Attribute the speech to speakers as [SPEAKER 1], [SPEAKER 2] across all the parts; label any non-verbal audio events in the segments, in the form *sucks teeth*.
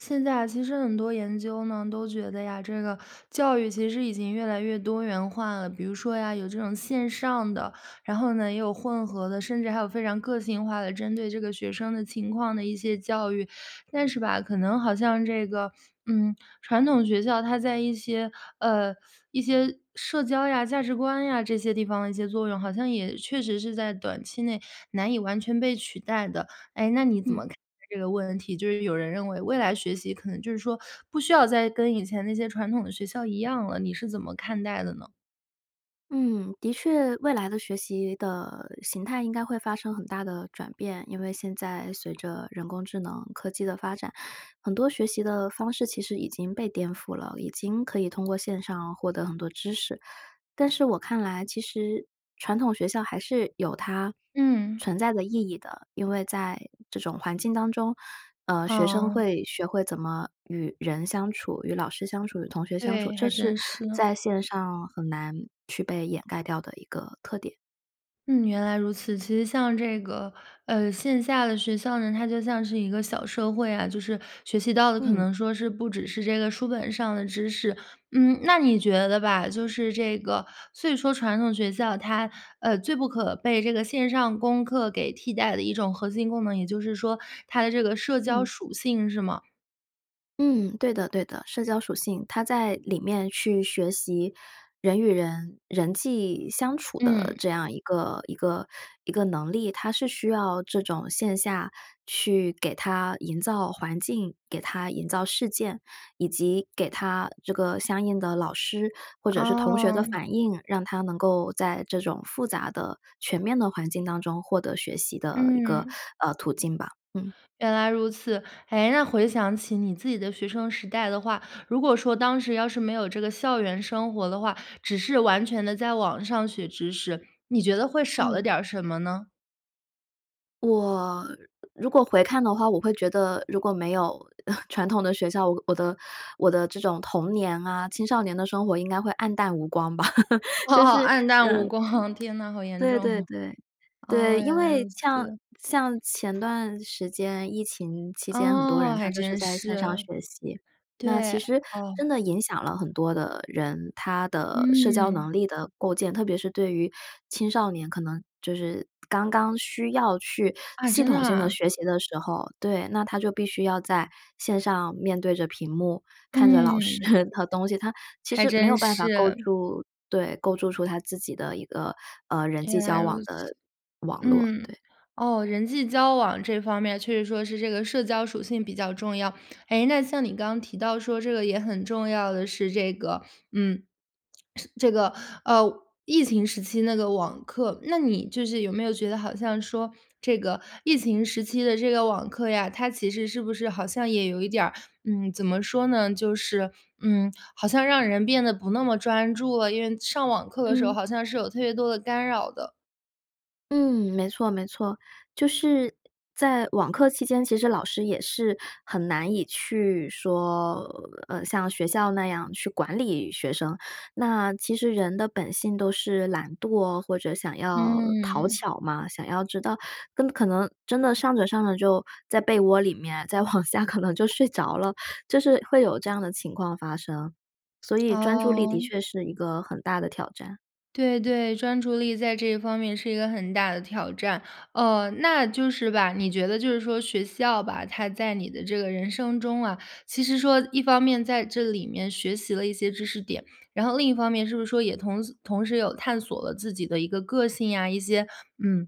[SPEAKER 1] 现在啊，其实很多研究呢，都觉得呀，这个教育其实已经越来越多元化了。比如说呀，有这种线上的，然后呢，也有混合的，甚至还有非常个性化的，针对这个学生的情况的一些教育。但是吧，可能好像这个，嗯，传统学校它在一些，呃，*sucks teeth* 一些社交呀、价值观呀，这些地方一些作用，好像也确实是在短期内难以完全被取代的。诶，那你怎么
[SPEAKER 2] 嗯。
[SPEAKER 1] 看待这个问题，就是有人认为，未来学习可能就是说，不需要再跟以前那些传统的学校一样了，你是怎么看待的呢？
[SPEAKER 2] 嗯，的确未来的学习的形态应该会发生很大的转变。因为现在随着人工智能、科技的发展，很多学习的方式其实已经被颠覆了，已经可以通过线上获得很多知识。但是我看来其实传统学校还是有它
[SPEAKER 1] 嗯。
[SPEAKER 2] 存在的意义的，因为在这种环境当中，呃，学生
[SPEAKER 1] 嗯。
[SPEAKER 2] 会学会怎么与人相处、与老师相处、与同学相处，
[SPEAKER 1] 对，
[SPEAKER 2] 这
[SPEAKER 1] 还
[SPEAKER 2] 是
[SPEAKER 1] 真是。
[SPEAKER 2] 在线上很难去被掩盖掉的一个特点。
[SPEAKER 1] 嗯，原来如此，其实像这个呃，线下的学校呢，它就像是一个小社会呀，就是学习到的可
[SPEAKER 2] 嗯。
[SPEAKER 1] 能说是不只是这个书本上的知识。嗯，那你觉得吧，就是这个所以说传统学校它，呃，最不可被这个线上功课给替代的一种核心功能，也就是说它的这个社交
[SPEAKER 2] 嗯。
[SPEAKER 1] 属性，是吗？
[SPEAKER 2] 嗯，对的对的，社交属性。他在里面去学习人与人人际相处的
[SPEAKER 1] 嗯。
[SPEAKER 2] 这样一个一个一个能力，它是需要这种线下去给它营造环境、给它营造事件，以及给他这个相应的老师或者是同学的
[SPEAKER 1] 哦。
[SPEAKER 2] 反应，让他能够在这种复杂的、全面的环境当中获得学习的一个，
[SPEAKER 1] 嗯。
[SPEAKER 2] 呃，途径吧，嗯。
[SPEAKER 1] 原来如此。诶，那回想起你自己的学生时代的话，如果说当时要是没有这个校园生活的话，只是完全地在网上学知识，你觉得会少了
[SPEAKER 2] 嗯。
[SPEAKER 1] 点儿什么呢？
[SPEAKER 2] 我，如果回看的话，我会觉得如果没有，*chuckles* 传统的学校，我的我的这种童年啊、青少年的生活应该会黯淡无光吧。*laughs* 就
[SPEAKER 1] 哦，
[SPEAKER 2] 是
[SPEAKER 1] 黯
[SPEAKER 2] 呃，
[SPEAKER 1] 淡无
[SPEAKER 2] 嗯，
[SPEAKER 1] 光。天哪，好严
[SPEAKER 2] 对对
[SPEAKER 1] 重。
[SPEAKER 2] 对。
[SPEAKER 1] 哦，
[SPEAKER 2] 对，因
[SPEAKER 1] 原来如
[SPEAKER 2] 为像
[SPEAKER 1] 此。
[SPEAKER 2] 像前段时间，疫情期间，很多
[SPEAKER 1] 哦，
[SPEAKER 2] 人他
[SPEAKER 1] 还
[SPEAKER 2] 就是
[SPEAKER 1] 真
[SPEAKER 2] 在线上
[SPEAKER 1] 是。
[SPEAKER 2] 学习。那
[SPEAKER 1] 对，
[SPEAKER 2] 其实真
[SPEAKER 1] 哦。
[SPEAKER 2] 的影响了很多的人，他的社交
[SPEAKER 1] 嗯。
[SPEAKER 2] 能力的构建。特别是对于青少年可能就是，刚刚需要去
[SPEAKER 1] 啊，
[SPEAKER 2] 系
[SPEAKER 1] 真的
[SPEAKER 2] 统性地
[SPEAKER 1] 啊？
[SPEAKER 2] 学习的时候对，那他就必须要在线上面对着屏幕，看着老师。
[SPEAKER 1] 嗯。
[SPEAKER 2] *chuckles* 那套东西，他其
[SPEAKER 1] 还
[SPEAKER 2] 实没有
[SPEAKER 1] 真
[SPEAKER 2] 办法构
[SPEAKER 1] 是。
[SPEAKER 2] 筑对，构筑出他自己的一个，呃，人际
[SPEAKER 1] 原来
[SPEAKER 2] 交
[SPEAKER 1] 如
[SPEAKER 2] 往
[SPEAKER 1] 此。
[SPEAKER 2] 的网络，
[SPEAKER 1] 嗯，
[SPEAKER 2] 对。
[SPEAKER 1] 哦，人际交往这方面确实说是这个社交属性比较重要。诶，那像你刚提到说这个也很重要的是这个嗯，*swallows* 是这个，呃，疫情时期那个网课。那你就是有没有觉得好像说这个疫情时期的这个网课呀，它其实是不是好像也有一点儿，嗯，怎么说呢，就是，嗯，好像让人变得不那么专注了。因为上网课的时候，
[SPEAKER 2] 嗯。
[SPEAKER 1] 好像是有特别多的干扰的。
[SPEAKER 2] 嗯，没错没错，就是在网课期间，其实老师也是很难以去说，呃，像学校那样去管理学生，那其实人的本性都是懒惰，或者想要讨
[SPEAKER 1] 嗯。
[SPEAKER 2] 巧嘛，想要知道跟可能真的上着上着就在被窝里面，再往下可能就睡着了，就是会有这样的情况发生，所以专注力的
[SPEAKER 1] 哦。
[SPEAKER 2] 确是一个很大的挑战。
[SPEAKER 1] 对对，专注力在这方面是一个很大的挑战。哦，那就是吧，你觉得就是说学校吧，它在你的这个人生中啊，其实说一方面在这里面学习了一些知识点，然后另一方面是不是说也同时同时有探索了自己的一个个性呀，一些，嗯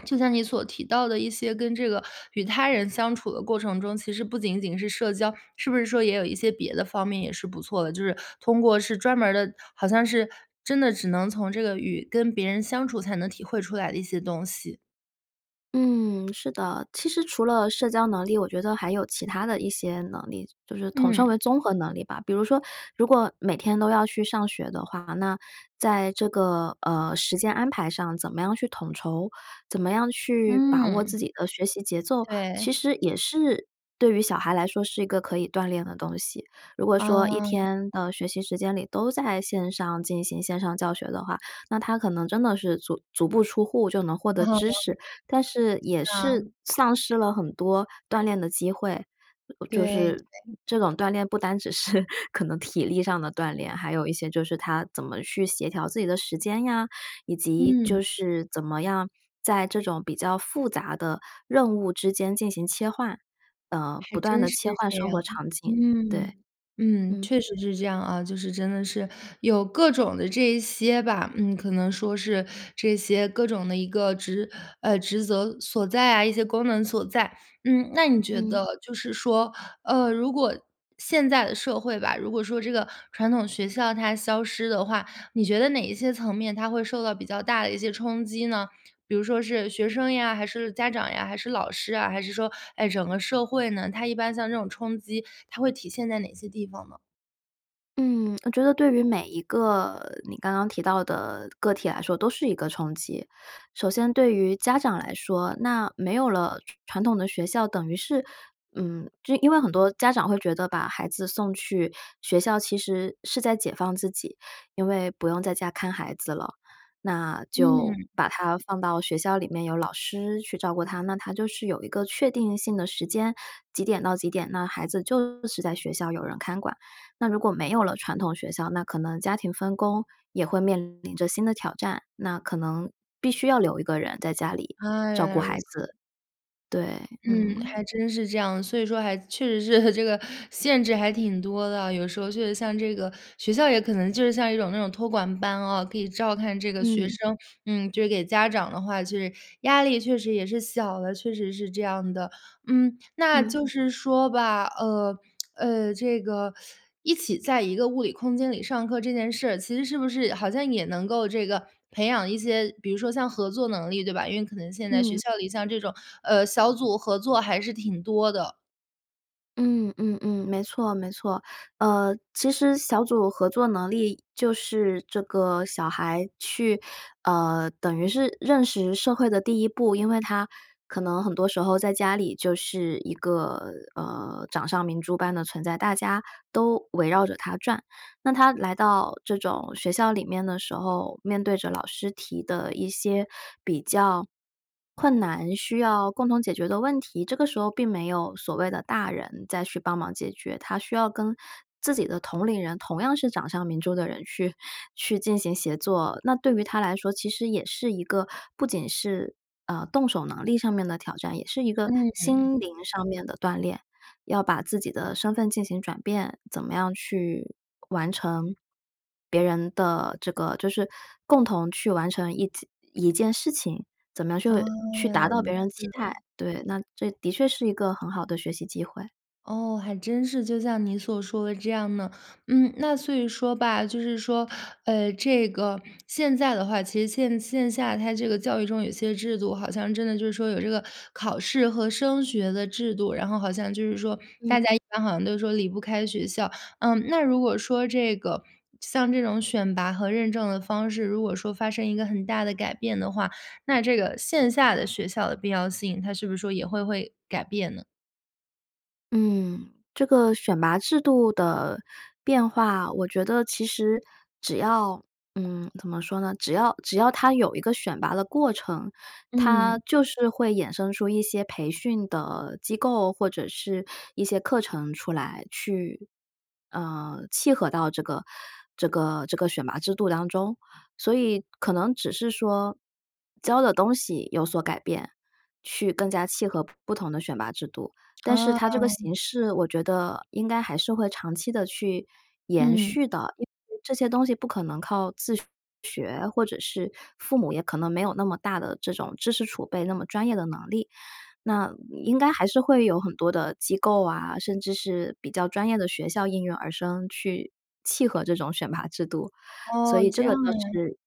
[SPEAKER 1] *swallows* 就像你所提到的一些跟这个与他人相处的过程中，其实不仅仅是社交，是不是说也有一些别的方面也是不错的，就是通过是专门儿的好像是真的只能从这个与跟别人相处，才能体会出来的一些东西？
[SPEAKER 2] 嗯，是的。其实除了社交能力，我觉得还有其他的一些能力，就是统称
[SPEAKER 1] 嗯。
[SPEAKER 2] 为综合能力吧。比如说，如果每天都要去上学的话，那在这个，呃，时间安排上怎么样去统筹，怎么样去把握
[SPEAKER 1] 嗯。
[SPEAKER 2] 自己的学习节奏，其
[SPEAKER 1] 对。
[SPEAKER 2] 实也是对于小孩来说是一个可以锻炼的东西。如果说一
[SPEAKER 1] 啊。
[SPEAKER 2] 天的学习时间里，都在线上进行线上教学的话，那他可能真的是足足不出户就能获得知
[SPEAKER 1] *chuckles*
[SPEAKER 2] 识，但是也
[SPEAKER 1] 是啊。
[SPEAKER 2] 是丧失了很多锻炼的机会。就
[SPEAKER 1] 对
[SPEAKER 2] 是
[SPEAKER 1] 对。
[SPEAKER 2] 这种锻炼不单只是 *chuckles* 可能体力上的锻炼，还有一些就是他怎么去协调自己的时间呀，以及
[SPEAKER 1] 嗯。
[SPEAKER 2] 就是怎么样在这种比较复杂的任务之间进行切换，呃，
[SPEAKER 1] 还
[SPEAKER 2] 不断
[SPEAKER 1] 真
[SPEAKER 2] 地
[SPEAKER 1] 是
[SPEAKER 2] 切换
[SPEAKER 1] 这
[SPEAKER 2] 生
[SPEAKER 1] 样，
[SPEAKER 2] 活场景。
[SPEAKER 1] 嗯。
[SPEAKER 2] 对，
[SPEAKER 1] 嗯，
[SPEAKER 2] 嗯。
[SPEAKER 1] 确实是这样啊，就是真的是有各种的这一些吧，嗯，可能说是这些各种的一个职呃，职责所在啊，一些功能所在。嗯，那你觉
[SPEAKER 2] 嗯。
[SPEAKER 1] 得就是说，呃，如果现在的社会吧，如果说这个传统学校它消失的话，你觉得哪一些层面，它会受到比较大的一些冲击呢？比如说是学生呀、还是家长呀、还是老师啊？还是说，哎，整个社会呢？它一般像这种冲击，它会体现在哪些地方呢？
[SPEAKER 2] 嗯，我觉得对于每一个你刚刚提到的个体来说都是一个冲击。首先对于家长来说，那没有了传传统的学校，等于是，嗯，就因为很多家长会觉得把孩子送去学校，其实是在解放自己，因为不用在家看孩子了。那就
[SPEAKER 1] 嗯。
[SPEAKER 2] 把他放到学校里面有老师去照顾他，那他就是有一个确定性的时间，几点到几点，那孩子就是在学校有人看管。那如果没有了传统学校，那可能家庭分工，也会面临着新的挑战，那可能，必须要留一个人在家里，
[SPEAKER 1] 啊，
[SPEAKER 2] 照
[SPEAKER 1] 原
[SPEAKER 2] 顾
[SPEAKER 1] 来如
[SPEAKER 2] 孩
[SPEAKER 1] 此。
[SPEAKER 2] 子。对，
[SPEAKER 1] 嗯，
[SPEAKER 2] 嗯。
[SPEAKER 1] 还真是这样，所以说还确实是这个限制还挺多的啊。有时候确实像这个学校也可能就是像一种那种托管班啊，可以照看这个学
[SPEAKER 2] 嗯。
[SPEAKER 1] 生。嗯，就是给家长的话，就是，压力确实也是小的，确实是这样的，嗯。那
[SPEAKER 2] 嗯。
[SPEAKER 1] 就是说吧，呃，*smacks lips* 呃，这个 *sucks teeth* 一起在一个物理空间里上课这件事，其实是不是好像也能够这个培养一些，比如说像合作能力，对吧？因为可能现在学
[SPEAKER 2] 嗯。
[SPEAKER 1] 校里像这种，呃，小组合作还是挺多的。
[SPEAKER 2] 嗯嗯嗯。没错没错。呃，其实小组合作能力，就是这个小孩去，呃，等于是认识社会的第一步。因为他可能很多时候在家里就是一个，呃，掌上明珠般的存在，大家都围绕着他转。那他来到这种学校里面的时候，面对着老师提的一些比较困难、需要共同解决的问题，这个时候并没有所谓的大人再去帮忙解决。他需要跟自己的同龄人，同样是掌上明珠的人去去进行协作。那对于他来说其实也是一个不仅是，呃，动手能力上面的挑战，也是一个
[SPEAKER 1] 嗯。
[SPEAKER 2] 心灵上面的锻炼。要把自己的身份进行转变，怎么样去完成，别人的这个就是共同去完成一件一件事情。怎么样
[SPEAKER 1] 哦，
[SPEAKER 2] 去去
[SPEAKER 1] 原来
[SPEAKER 2] 达到
[SPEAKER 1] 如
[SPEAKER 2] 别人期待，
[SPEAKER 1] 此。
[SPEAKER 2] 对，那这的确是一个很好的学习机会。
[SPEAKER 1] 哦，还真是，就像你所说的这样呢。嗯，那所以说吧，就是说，呃，这个现在的话，其实线线下它这个教育中，有些制度好像真的就是说，有这个考试和升学的制度，然后好像就是说，
[SPEAKER 2] 嗯。
[SPEAKER 1] 大家一般好像都说离不开学校。嗯，那如果说这个，像这种选拔和认证的方式，如果说发生一个很大的改变的话，那这个线下的学校的必要性，它是不是说也会会改变呢？
[SPEAKER 2] 嗯，这个选拔制度的变化，我觉得其实只要，嗯，怎么说呢，只要只要它有一个选拔的过程，它
[SPEAKER 1] 嗯。
[SPEAKER 2] 就是会衍生出一些培训的机构，或者是一些课程出来去，呃，契合到这个这个这个选拔制度当中。所以可能只是说教的东西有所改变，去更加契合不同的选拔制度，但是它
[SPEAKER 1] 哦。
[SPEAKER 2] 这个形式，我觉得应该还是会长期地去延
[SPEAKER 1] 嗯。
[SPEAKER 2] 续的，因为这些东西不可能靠自学，或者是父母也可能没有那么大的这种知识储备，那么专业的能力。那应该还是会有很多的机构啊，甚至是比较专业的学校应运而生去契合这种选拔制度，所
[SPEAKER 1] 哦，
[SPEAKER 2] 以这
[SPEAKER 1] 这样
[SPEAKER 2] 个倒
[SPEAKER 1] 呀。
[SPEAKER 2] 是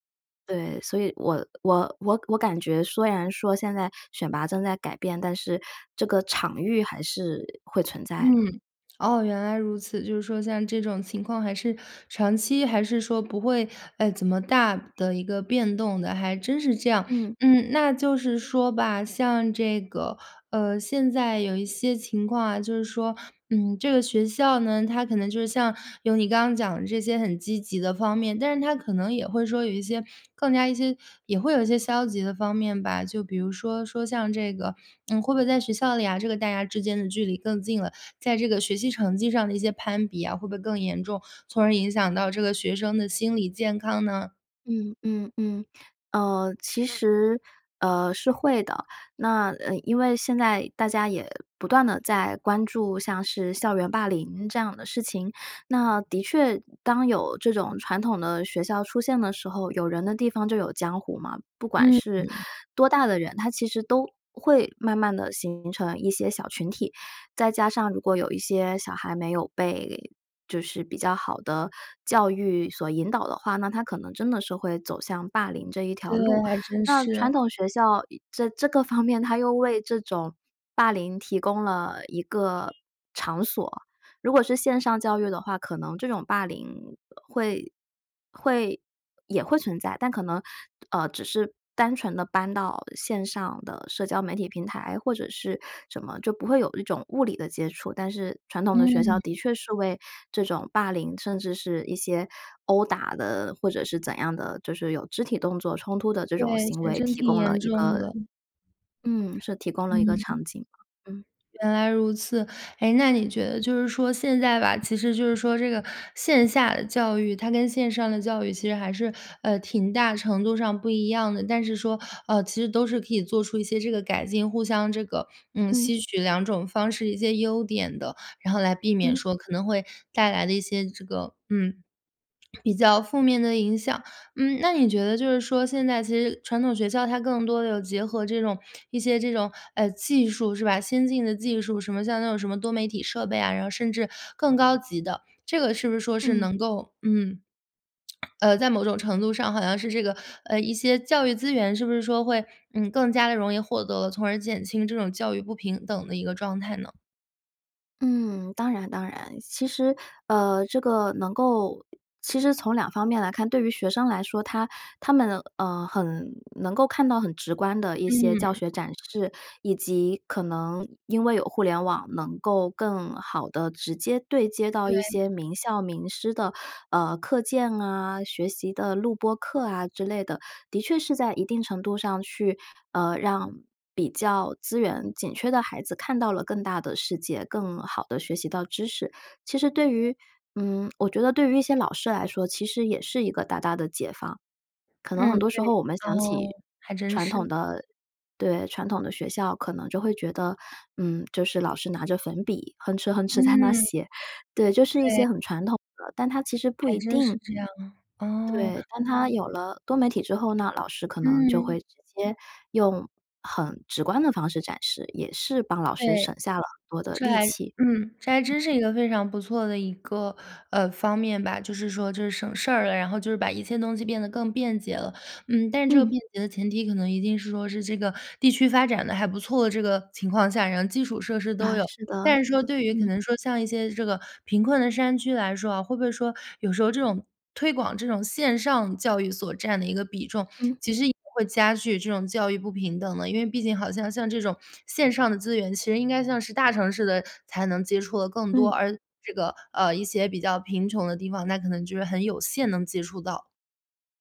[SPEAKER 2] 对，所以我我我我感觉虽然说现在选拔正在改变，但是这个场域还是会存在的。
[SPEAKER 1] 嗯，哦，原来如此，就是说像这种情况还是长期还是说不会，呃，怎么大的一个变动的，还真是这样。
[SPEAKER 2] 嗯。
[SPEAKER 1] 嗯，那就是说吧，像这个，呃，现在有一些情况啊，就是说，嗯，这个学校呢，它可能就是像，有你刚刚讲的这些很积极的方面，但是它可能也会说有一些更加一些也会有一些消极的方面吧。就比如说说像这个，嗯，会不会在学校里啊，这个大家之间的距离更近了，在这个学习成绩上的一些攀比呀，会不会更严重？从而影响到这个学生的心理健康呢？
[SPEAKER 2] 嗯嗯嗯，呃，其实，呃，是会的，那，呃，因为现在大家也不断地在关注，像是校园霸凌这样的事情。那的确，当有这种传统的学校出现的时候，有人的地方就有江湖嘛，不管
[SPEAKER 1] 嗯
[SPEAKER 2] 是
[SPEAKER 1] 嗯。
[SPEAKER 2] 多大的人，他其实都会慢慢地形成一些小群体，再加上如果有一些小孩没有被就是比较好的教育所引导的话，那他可能真的是会走向霸凌这一条
[SPEAKER 1] 对，
[SPEAKER 2] 路，
[SPEAKER 1] 还真
[SPEAKER 2] 那传
[SPEAKER 1] 是。
[SPEAKER 2] 统学校以这这个方面它又为这种霸凌提供了一个场所。如果是线上教育的话，可能这种霸凌会会也会存在，但可能，呃，只是单纯地搬到线上的社交媒体平台，或者是什么，就不会有一种物理的接触。但是传统的学校的
[SPEAKER 1] 嗯。
[SPEAKER 2] 确是为这种霸凌，甚至是一些殴打的，或者是怎样的，就是有肢体动作冲突的这
[SPEAKER 1] 对，
[SPEAKER 2] 种行
[SPEAKER 1] 还
[SPEAKER 2] 为
[SPEAKER 1] 真
[SPEAKER 2] 提
[SPEAKER 1] 挺
[SPEAKER 2] 供了
[SPEAKER 1] 严
[SPEAKER 2] 一
[SPEAKER 1] 重
[SPEAKER 2] 个
[SPEAKER 1] 的。
[SPEAKER 2] 嗯，是提供了一个场
[SPEAKER 1] 嗯。
[SPEAKER 2] 景嘛，嗯。
[SPEAKER 1] 原来如此。哎，那你觉得就是说现在吧，其实就是说这个线下的教育，它跟线上的教育其实还是，呃，挺大程度上不一样的，但是说，呃，其实都是可以做出一些这个改进，互相这个，嗯，
[SPEAKER 2] 嗯。
[SPEAKER 1] 吸取两种方式，一些优点的，然后来避免
[SPEAKER 2] 嗯。
[SPEAKER 1] 说可能会带来的一些这个嗯，*swallows* 比较负面的影响。嗯，那你觉得就是说，现在其实传统学校它更多地有结合这种一些这种，呃，技术，是吧？先进的技术，什么像那种什么多媒体设备啊，然后甚至更高级的。这个是不是说是
[SPEAKER 2] 嗯。
[SPEAKER 1] 能够嗯，*swallows* 呃，在某种程度上好像是这个，呃，一些教育资源是不是说会，嗯，更加地容易获得了？从而减轻这种教育不平等的一个状态呢？
[SPEAKER 2] 嗯，当然当然。其实，呃，这个能够其实从2方面来看，对于学生来说，他他们，呃，很能够看到很直观的一些教
[SPEAKER 1] 嗯。
[SPEAKER 2] 学展示，以及可能因为有互联网，能够更好地直接对接到一
[SPEAKER 1] 对。
[SPEAKER 2] 些名校名师的，呃，课件啊，学习的录播课啊，之类的。的确是在一定程度上去，呃，让比较资源紧缺的孩子，看到了更大的世界，更好地学习到知识。其实对于嗯，我觉得对于一些老师来说，其实也是一个大大的解放。可能很
[SPEAKER 1] 嗯，
[SPEAKER 2] 多
[SPEAKER 1] 对。
[SPEAKER 2] 时候我们想
[SPEAKER 1] 哦，
[SPEAKER 2] 起
[SPEAKER 1] 还真
[SPEAKER 2] 传统
[SPEAKER 1] 是。
[SPEAKER 2] 的对，传统的学校，可能就会觉得，嗯，就是老师拿着粉笔，哼哧，哼哧在那
[SPEAKER 1] 嗯。
[SPEAKER 2] 写。对，就是一
[SPEAKER 1] 对。
[SPEAKER 2] 些很传统的，但它其实不
[SPEAKER 1] 还
[SPEAKER 2] 一
[SPEAKER 1] 真是
[SPEAKER 2] 定
[SPEAKER 1] 这样，哦。
[SPEAKER 2] 对，当他有了多媒体之后呢，老师可能就会
[SPEAKER 1] 嗯。
[SPEAKER 2] 直接用很直观的方式展示，也是帮老师
[SPEAKER 1] 对。
[SPEAKER 2] 省下了很多的
[SPEAKER 1] 这
[SPEAKER 2] 力
[SPEAKER 1] 还
[SPEAKER 2] 气。
[SPEAKER 1] 嗯，这还真是一个非常不错的一个，呃，方面吧。就是说就是省事儿了，然后就是把一切东西变得更便捷了。嗯，但是这个
[SPEAKER 2] 嗯。
[SPEAKER 1] 便捷的前提，可能一定是说是这个地区发展得还不错的这个情况下，然后基础设施都
[SPEAKER 2] *chuckles*
[SPEAKER 1] 有。
[SPEAKER 2] 是的
[SPEAKER 1] 但是
[SPEAKER 2] 是
[SPEAKER 1] 说
[SPEAKER 2] 的，
[SPEAKER 1] 对于可
[SPEAKER 2] 嗯。
[SPEAKER 1] 能说像一些这个贫困的山区来说啊，会不会说有时候这种推广这种线上教育所占的一个比重，
[SPEAKER 2] 嗯。
[SPEAKER 1] 其实也会加剧这种教育不平等呢？因为毕竟好像像这种线上的资源，其实应该像是大城市的才能接触得更多，
[SPEAKER 2] 嗯。
[SPEAKER 1] 而这个，呃，一些比较贫穷的地方，那可能就是很有限能接触到。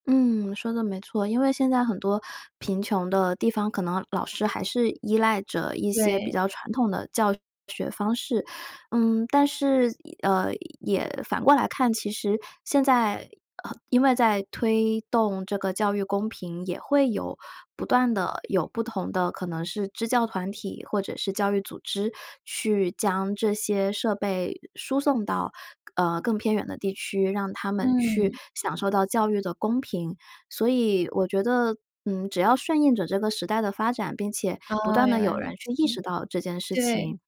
[SPEAKER 2] 嗯，说得没错。因为现在很多贫穷的地方，可能老师还是依赖着一些比
[SPEAKER 1] 对。
[SPEAKER 2] 较传统的教学方式。嗯，但是也嗯，也反过来看，其实，现在呃，因为在推动这个教育公平，也会有不断地有不同的可能是支教团体，或者是教育组织，去将这些设备输送到，呃，更偏远的地区，让他们去
[SPEAKER 1] 嗯。
[SPEAKER 2] 享受到教育的公平。所以我觉得，嗯，只要顺应着这个时代的发展，并且不
[SPEAKER 1] 哦，
[SPEAKER 2] 断
[SPEAKER 1] 原
[SPEAKER 2] 地
[SPEAKER 1] 来
[SPEAKER 2] 有
[SPEAKER 1] 如
[SPEAKER 2] 人去意识
[SPEAKER 1] 此，
[SPEAKER 2] 到这件事
[SPEAKER 1] 对。
[SPEAKER 2] 情，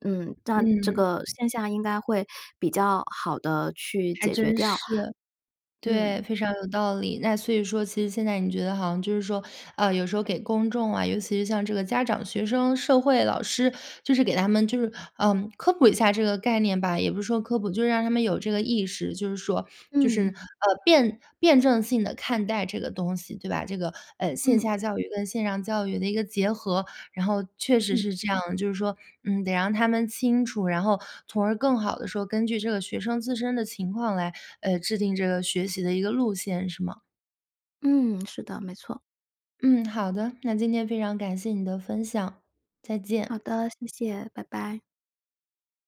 [SPEAKER 2] 嗯，那这
[SPEAKER 1] 嗯。
[SPEAKER 2] 个现象应该会比较好地去
[SPEAKER 1] 还
[SPEAKER 2] 解决
[SPEAKER 1] 真
[SPEAKER 2] 掉。
[SPEAKER 1] 是。对，
[SPEAKER 2] 嗯。
[SPEAKER 1] 非常有道理，那所以说其实现在你觉得好像就是说，呃，有时候给公众啊，尤其是像这个家长、学生、社会、老师，就是给他们就是，呃，科普一下这个概念吧，也不是说科普，就让他们有这个意识，就是说就是，
[SPEAKER 2] 嗯。
[SPEAKER 1] 呃，辩辩证性地看待这个东西，对吧？这个，呃，线
[SPEAKER 2] 嗯。
[SPEAKER 1] 下教育跟线上教育的一个结合。然后确实
[SPEAKER 2] 嗯。
[SPEAKER 1] 是这样，就是说，嗯，得让他们清楚，然后从而更好地说，根据这个学生自身的情况来，呃，制定这个学习的一个路线，是吗？
[SPEAKER 2] 嗯，是的，没错。
[SPEAKER 1] 嗯，好的。那今天非常感谢你的分享，再
[SPEAKER 2] 好
[SPEAKER 1] 见。
[SPEAKER 2] 的，谢谢，拜拜。